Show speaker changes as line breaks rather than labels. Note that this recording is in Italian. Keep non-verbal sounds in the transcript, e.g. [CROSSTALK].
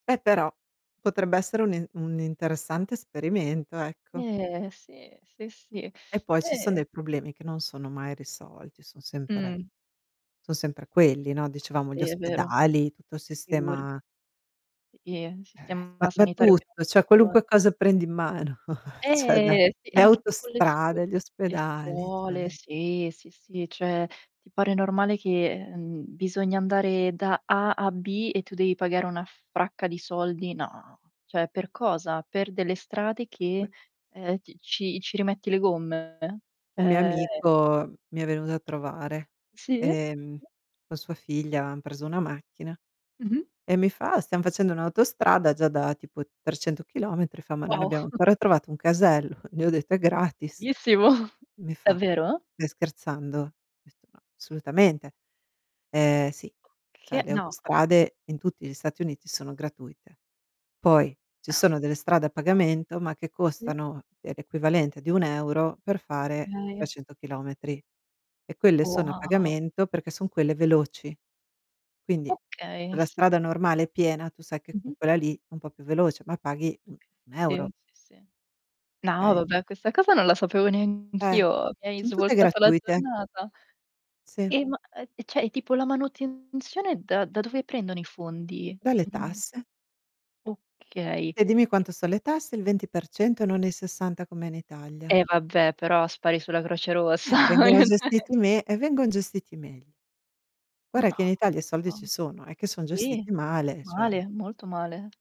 Beh però potrebbe essere un e un interessante esperimento, ecco.
Eh, sì. Sì, sì.
E poi ci son
Eh
dei problemi che non sono mai risolti, son sempre
Mh.
son sempre quelli, no. Dicevamo gli
Sì, è vero.
ospedali, tutto il
Figure
sistema
I e, un
Eh, eh, ma
sistema
ma
sanitario che non
tutto, cioè
funziona
qualunque cosa prendi in mano, [CHUCKLES] cioè da:
Eh! Sì,
le
anche tipo le scuo
autostrade, gli
le
ospedali,
scuole,
cioè
sì, sì, sì. Cioè ti pare normale che, ehm, bisogna andare da "A" a "B" e tu devi pagare una fracca di soldi? No. Cioè, per cosa? Per delle strade che
Mh.
ehm, ti ci ci rimetti le gomme?
Un mio
Eh
amico mi è venuto a trovare,
Sì?
ehm, con sua figlia, han preso una macchina
Mh-mh.
e mi fa: "Ah stiam facendo un'autostrada già da tipo 300 km", fa: "Ma non
Wow!
abbiamo
[CHUCKLES]
ancora trovato un casello". Gli ho detto: "È gratis".
Bellissimo.
Mi fa:
Davvero?
"Stai scherzando?". Ho detto: "No, assolutamente". Eh sì, cioè
Che
le
No.
autostrade in tutti gli Stati Uniti sono gratuite. Poi ci sono delle strade a
No.
pagamento ma che
Sì.
costano, ehm, l'equivalente di 1 € per fare
[UNINTELLIGIBLE]
300 km. E quelle sono a
Wow.
pagamento perché son quelle veloci. Quindi
Okay,
la
s
strada normale è piena, tu sai che con
Mh-mh.
quella lì è un po' più veloce, ma paghi un
Okay
un
sì,
euro.
sì, sì. No,
Okay?
vabbè, questa cosa non la sapevo
Eh,
neanch'io. Mi hai
son tutte
svoltato la
gratuite.
giornata.
Sì.
E ma eh e cioè, tipo la manutenzione da da dove prendono i fondi?
Dalle
Cioè non
tasse.
Okay,
E dimmi
e
quanto son le tasse: il 20% non il 60 come in Italia.
E vabbè, però spari sulla Croce Rossa
Eh, vengono gestiti
[UNINTELLIGIBLE]
me e vengon gestiti meglio. Guarda
No.
che in Italia i soldi ci
On
sono, è che son
sì.
gestiti male, cioè
Male, molto male.